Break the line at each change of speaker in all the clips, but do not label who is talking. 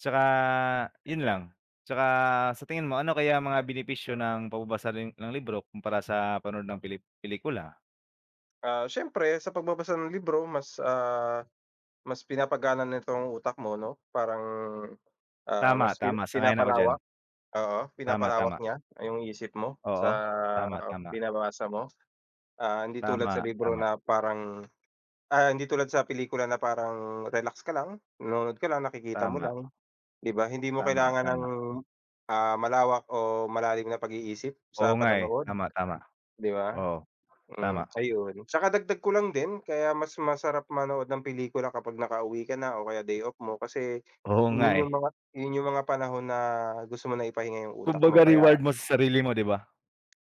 Tsaka, yun lang. Tsaka sa tingin mo ano kaya mga benepisyo ng pagbabasa rin ng libro kumpara sa panood ng peli pelikula?
Ah, siyempre sa pagbabasa ng libro mas, ah, mas pinapagana nito ang utak mo, 'no, parang, ah,
Tama
mas pina
tama. Sang-ayon ako diyan.
pinapalawak, oo,
Tama
pinapalawak
tama.
niya yung isip mo
Oo,
sa
tama tama.
binabasa mo. Ah, hindi tulad
Tama
sa libro
tama.
na parang, ah, hindi tulad sa pelikula na parang relax ka lang, nanonood ka lang nakikita mo
Tama.
lang, di ba? Hindi mo
Tama
kailangan ng,
tama.
ah, malawak o malalim na pag-iisip
Oo,
sa
nga, eh.
panonood,
Tama tama.
di ba?
Oo,
Hmm
tama.
ayun, tsaka dagdag ko lang din kaya mas masarap manood ng pelikula kapag nakauwi ka na o kaya day off mo kasi
Oo nga,
yun yung
eh.
mga yun yung mga panahon na gusto mo na ipahinga yung utak
Kumbaga
mo
reward
kaya.
mo sa sarili mo, di ba?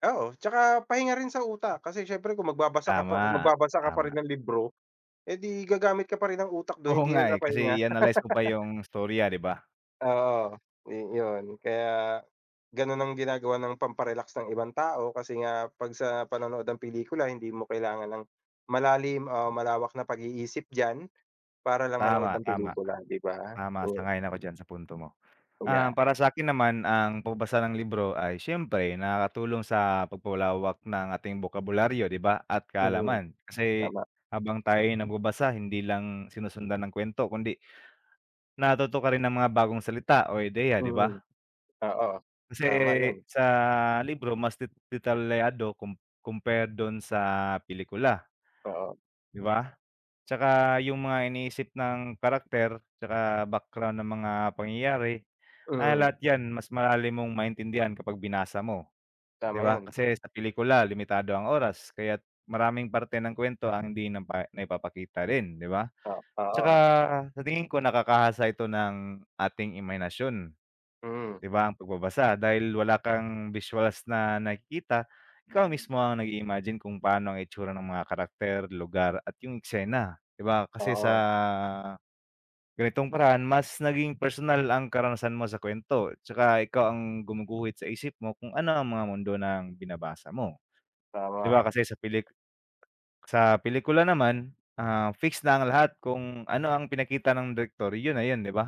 Oo tsaka pahinga rin sa utak, kasi siyempre kung magbabasa ka pa
Tama
magbabasa ka pa
tama.
rin ng libro, eh, di gagamit ka pa rin ng utak dun
Oo
hindi
nga,
na
eh,
napahinga.
kasi i-analyze mo pa yung istorya, di ba?
Oo, ni yun kaya ganun ang ginagawa ng pamparelax ng ibang tao, kasi nga pag sa panonood ng pelikula hindi mo kailangan ng malalim o malawak na pag-iisip diyan, para lang manood
Tama
ng
tama.
pelikula, di ba?
Tama,
Oh.
sang-ayon ako diyan sa punto mo. Ah,
Uya.
para sakin naman ang pagbabasa ng libro ay siyempre nakakatulong sa pagpalawak ng ating bokabularyo, di ba, at
Mm,
kaalaman kasi
tama.
habang tayo'y nagbabasa hindi lang sinusundan ng kuwento kundi natuto ka rin ng mga bagong salita o ideya, di
Mm,
ba?
oo.
Kasi
Tama yun.
sa libro mas de detalyado com compared dun sa pelikula.
Oo.
Di ba? Tsaka yung mga iniisip ng karakter tsaka background ng mga pangyayari, ah,
Mm.
lahat yan mas malalim mong maintindihan kapag binasa mo, di
Tama
ba?
yun.
Kasi sa pelikula limitado ang oras kaya't maraming parte ng kuwento ang hindi napa naipapakita rin, di ba?
O
Tsaka
oo.
sa tingin ko, nakakahasa ito ng ating imahinasyon,
Mm.
di ba, ang pagbabasa dahil wala kang visuals na nakikita, ikaw mismo ang nag-imagine kung paano ang itsura ng mga karakter, lugar at yung eksena, di ba, kasi sa
Oo.
ganitong paraan mas naging personal ang karanasan mo sa kuwento. Tsaka ikaw ang gumuguhit sa isip mo kung ano ang mga mundo ng binabasa mo, di
Tama.
ba, kasi sa pelik sa pelikula naman, ah, fix na ang lahat kung ano ang pinakita ng direktor, yun na yun, di ba?